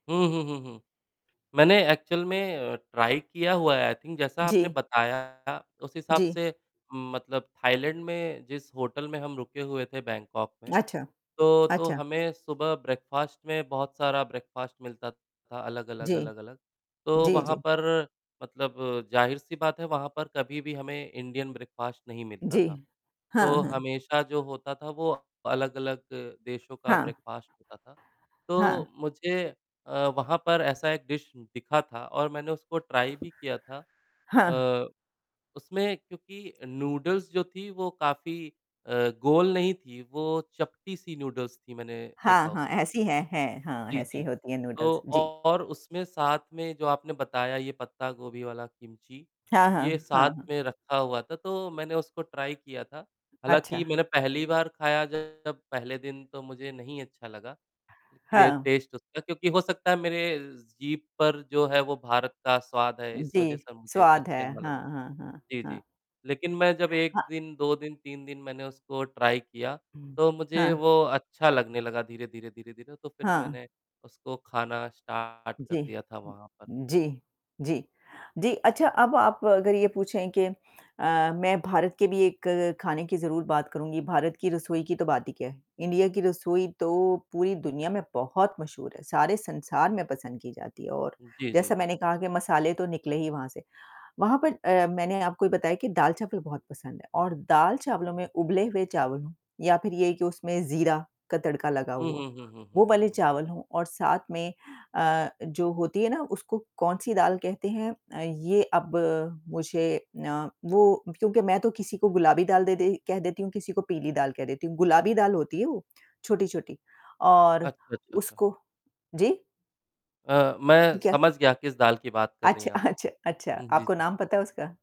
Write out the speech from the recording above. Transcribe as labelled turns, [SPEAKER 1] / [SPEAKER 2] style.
[SPEAKER 1] हुँ, हुँ, हुँ, हुँ। मैंने एक्चुअल में अ, ट्राई किया हुआ है आई थिंक जैसा आपने
[SPEAKER 2] जी।
[SPEAKER 1] बताया उस हिसाब
[SPEAKER 2] जी।
[SPEAKER 1] से मतलब, थाईलैंड में जिस होटल में हम रुके हुए थे बैंगकॉक में
[SPEAKER 2] अच्छा,
[SPEAKER 1] तो तो
[SPEAKER 2] अच्छा।
[SPEAKER 1] हमें सुबह ब्रेकफास्ट में बहुत सारा ब्रेकफास्ट मिलता था अलग-अलग,
[SPEAKER 2] जी,
[SPEAKER 1] अलग-अलग, तो
[SPEAKER 2] जी,
[SPEAKER 1] वहाँ
[SPEAKER 2] जी।
[SPEAKER 1] पर मतलब ज़ाहिर-सी बात है वहाँ पर कभी भी हमें इंडियन ब्रेकफास्ट नहीं मिलता
[SPEAKER 2] जी,
[SPEAKER 1] था,
[SPEAKER 2] हाँ,
[SPEAKER 1] तो
[SPEAKER 2] हाँ।
[SPEAKER 1] हमेशा जो होता था वो अलग-अलग देशों का
[SPEAKER 2] हाँ।
[SPEAKER 1] ब्रेकफास्ट होता था। तो
[SPEAKER 2] हाँ।
[SPEAKER 1] मुझे अ, वहाँ पर ऐसा एक डिश दिखा था और मैंने उसको ट्राई भी किया था।
[SPEAKER 2] हाँ।
[SPEAKER 1] अ, उसमें क्योंकि नूडल्स जो थी वो काफ़ी अ, गोल नहीं थी वो चपटी-सी नूडल्स थी मैंने
[SPEAKER 2] हाँ,
[SPEAKER 1] देखा
[SPEAKER 2] हाँ,
[SPEAKER 1] उसको
[SPEAKER 2] ऐसी है, है। हाँ,
[SPEAKER 1] जी,
[SPEAKER 2] ऐसी
[SPEAKER 1] जी,
[SPEAKER 2] होती है
[SPEAKER 1] तो
[SPEAKER 2] नूडल्स जी।
[SPEAKER 1] और उसमें साथ में जो आपने बताया ये पत्ता-गोभी वाला किमची,
[SPEAKER 2] हाँ,
[SPEAKER 1] ये
[SPEAKER 2] हाँ, हाँ,
[SPEAKER 1] साथ
[SPEAKER 2] हाँ।
[SPEAKER 1] में रखा हुआ था तो मैंने उसको ट्राई किया था।
[SPEAKER 2] अच्छा।
[SPEAKER 1] हालाँकि मैंने पहली बार ख़ाया जब पहले दिन तो मुझे नहीं अच्छा लगा, ये
[SPEAKER 2] हाँ।
[SPEAKER 1] टेस्ट उसका क्योंकि हो सकता है मेरे जीभ पर जो है वो भारत का स्वाद है इस वजह
[SPEAKER 2] जी,
[SPEAKER 1] से मुझे
[SPEAKER 2] स्वाद
[SPEAKER 1] अच्छा
[SPEAKER 2] है,
[SPEAKER 1] नहीं लगा।
[SPEAKER 2] हाँ, हाँ, हाँ,
[SPEAKER 1] जी,
[SPEAKER 2] हाँ।
[SPEAKER 1] जी, लेक़िन मैं जब 1
[SPEAKER 2] हाँ।
[SPEAKER 1] दिन, 2 दिन, 3 दिन मैंने उसको ट्राई किया, तो
[SPEAKER 2] हाँ।
[SPEAKER 1] मुझे वो अच्छा लगने लगा धीरे-धीरे धीरे-धीरे तो फ़िर
[SPEAKER 2] हाँ।
[SPEAKER 1] मैंने उसको ख़ाना स्टार्ट कर
[SPEAKER 2] जी,
[SPEAKER 1] दिया था वहाँ पर।
[SPEAKER 2] ज जी, जी, जी, अच्छा अब आप अगर ये पूछे कि अ, मैं भारत के भी एक ख़ाने की ज़रूर बात करूँगी, भारत की रसोई की तो बात ही क्या है। इंडिया की रसोई तो पूरी दुनिया में बहुत मशहूर है, सारे संसार में पसंद की जाती है और
[SPEAKER 1] जी, जी,
[SPEAKER 2] जैसा
[SPEAKER 1] जी।
[SPEAKER 2] मैंने कहा कि मसाले तो निकले ही वहाँ से। वहाँ पर अ, मैंने आपको ये बताया कि दाल-चावल बहुत पसंद है और दाल-चावलों में उबले हुए चावल हो या फ़िर ये कि उसमें ज़ीरा का तड़का लगा
[SPEAKER 1] हुँ,
[SPEAKER 2] हुआ
[SPEAKER 1] हुँ,
[SPEAKER 2] हो।
[SPEAKER 1] हुँ, हुँ,
[SPEAKER 2] वो
[SPEAKER 1] हुँ, हुँ,
[SPEAKER 2] वाले
[SPEAKER 1] हुँ।
[SPEAKER 2] चावल हो और साथ में अ, जो होती है ना उसको कौन-सी दाल कहते हैं अ, ये अब मुझे अ, वो क्योंकि मैं तो किसी को गुलाबी दाल दे कह देती हूँ किसी को पीली दाल कह देती हूँ, गुलाबी दाल होती है वो, छोटी-छोटी और
[SPEAKER 1] अच्छा, अच्छा, अच्छा।
[SPEAKER 2] उसको जी?
[SPEAKER 1] अ, मैं
[SPEAKER 2] ठीक है।
[SPEAKER 1] समझ गया किस दाल की बात कर रही
[SPEAKER 2] अच्छा,
[SPEAKER 1] हैं आप।
[SPEAKER 2] अच्छा अच्छा
[SPEAKER 1] हुँ, जी,
[SPEAKER 2] आपको
[SPEAKER 1] जी।
[SPEAKER 2] नाम पता है उसका?